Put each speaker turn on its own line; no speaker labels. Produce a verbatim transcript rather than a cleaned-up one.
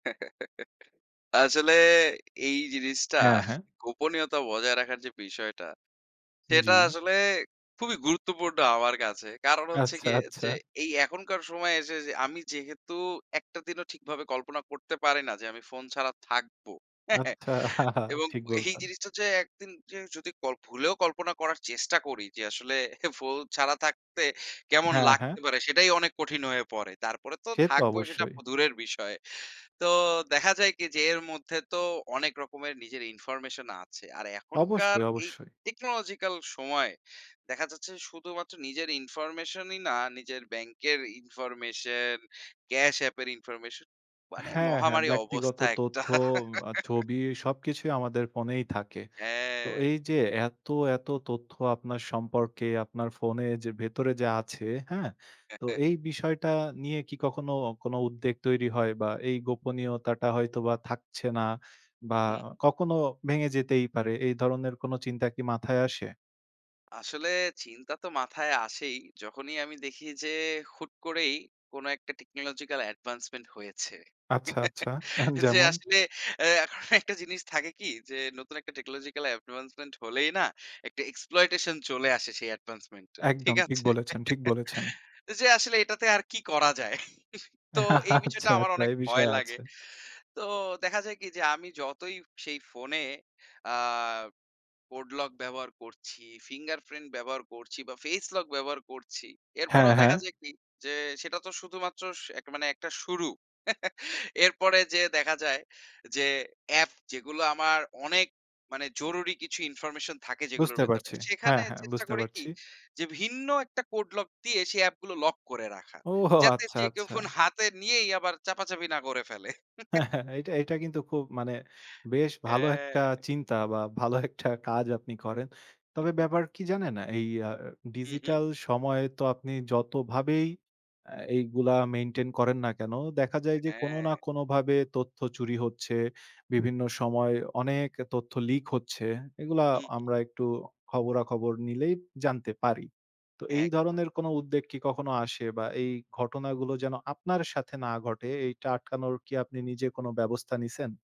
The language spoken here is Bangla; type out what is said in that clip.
আসলে এই জিনিসটা,
হ্যাঁ, হ্যাঁ।
গোপনীয়তা বজায় রাখার যে বিষয়টা, সেটা
জি।
আসলে খুবই গুরুত্বপূর্ণ আমার কাছে। কারণ হচ্ছে
আচ্ছা,
গিয়ে
আচ্ছা।
যে, এই এখনকার সময় এসে যে, আমি যেহেতু একটা দিনও ঠিকভাবে কল্পনা করতে পারি না যে, আমি ফোন ছাড়া থাকবো।
আচ্ছা,
এবং
ঠিক
এই
বলছেন।
জিনিসটা যে, এক দিন জিন যদি কল ভুলেও কল্পনা করার চেষ্টা করি যে, আসলে ফোল ছাড়া থাকতে কেমন
হ্যাঁ, হ্যাঁ।
লাগতে পারে? সেটাই অনেক কঠিন হয়ে পড়ে। তারপরে তো
সে তো
থাকবই, সেটা
অবশ্যই।
প দূরের বিষয়। তো দেখা যায় কি? যে, এর মধ্যে তো অনেক রকমের নিজের ইনফরমেশন আছে। আর এখনকার
অবশ্যই,
এই
অবশ্যই।
টেকনোলজিক্যাল সময়, দেখা যাচ্ছে শুধুমাত্র নিজের ইনফরমেশনই না, নিজের ব্যাংকের ইনফরমেশন, ক্যাশ আপ এর ইনফরমেশন, মানে
হ্যাঁ, হ্যাঁ
মহামারী
ব্যক্তিগত
অবস্থা একটা।
তথ্য; অ্যা ছবি, সবকিছুই আমাদের ফোনেই থাকে। তো
হ্যাঁ।
এই যে এত, এত তথ্য আপনার
হুম।
সম্পর্কে, আপনার ফোনে যে, ভেতরে যা আছে, হ্যাঁ?
হ্যাঁ,
তো
হ্যাঁ।
এই বিষয়টা নিয়ে কি কখনো, কোন উদ্বেগ তৈরি হয়? বা এই গোপনীয়তাটা হয়তোবা থাকছে না বা
হুম।
কখনো ভেঙে যেতেই পারে। এই ধরনের কোন চিন্তা কি মাথায় আসে?
আসলে চিন্তা তো মাথায় আসেই। যখনই আমি দেখি যে, হুট করেই কোন একটা টেকনোলজিক্যাল অ্যাডভান্সমেন্ট হয়েছে।
আচ্ছা, আচ্ছা।
যে
যেমন?
আসলে এ এখন একটা জিনিস থাকে কি? যে, নতুন একটা টেকনোলজিক্যাল অ্যাডভান্সমেন্ট হলেই না? একটা এক্সপ্লয়টেশন চলে আসে সেই অ্যাডভান্সমেন্ট এর। ঠিক
একদম। ঠিক
আছে?
বলেছেন, ঠিক বলেছেন।
যে আসলে এটাতে আর কি করা যায়? তো এই বিষয়টা
আচ্ছা,
আমার
আচ্ছা।
অনেক
এই
ভয়
বিষয়
লাগে।
আছে।
তো দেখা যায় কি? যে, আমি যতই সেই ফোনে অ্যা কোড লক ব্যবহার করছি, ফিঙ্গারপ্রিন্ট ব্যবহার করছি বা ফেস লক ব্যবহার করছি।
হ্যাঁ,
এরপরেও দেখা
হ্যাঁ।
যায় কি? যে, সেটা তো শুধুমাত্র শ মানে একটা শুরু। এরপরে যেয়ে দেখা যায় যে, অ্যাপ যেগুলো আমার অনেক, মানে জরুরি কিছু ইনফরমেশন থাকে যেগুলোর
বুঝতে
ভেতরে।
পারছি। হ্যাঁ,
সেখানে
হ্যাঁ।
চেষ্টা
বুঝতে
করি কি?
পারছি।
যে, ভিন্ন একটা কোড লক দিয়ে, সে অ্যাপ গুলো লক করে রাখা।
ওহ!
যাতে
আচ্ছা,
যে কেউ
আচ্ছা।
ফোন হাতে নিয়েই আবার চাপাচাপি না করে ফেলে।
হ্যাঁ, হ্যাঁ এইটা, এটা কিন্তু খুব, মানে বেশ ভালো
হ্যাঁ।
একটা চিন্তা বা ভালো একটা কাজ আপনি করেন। তবে ব্যাপার কি জানেন? এই আ
হু, হু।
ডিজিটাল সময়ে, তো আপনি যতভাবেই আ এগুলা মেইনটেইন করেন না কেন? দেখা যায় যে, কোন
হ্যাঁ।
না কোনভাবে তথ্য চুরি হচ্ছে, বিভিন্ন সময় অনেক তথ্য লিক হচ্ছে। এগুলা
হুম।
আমরা একটু খবরাখবর নিলেই জানতে পারি। তো এই
একদম।
ধরনের কোনো উদ্বেগ কি, কখনো আসে? বা এই ঘটনাগুলো যেন আপনার সাথে না ঘটে, এইটা আটকানোর কি, আপনি নিজে কোন ব্যবস্থা নিছেন?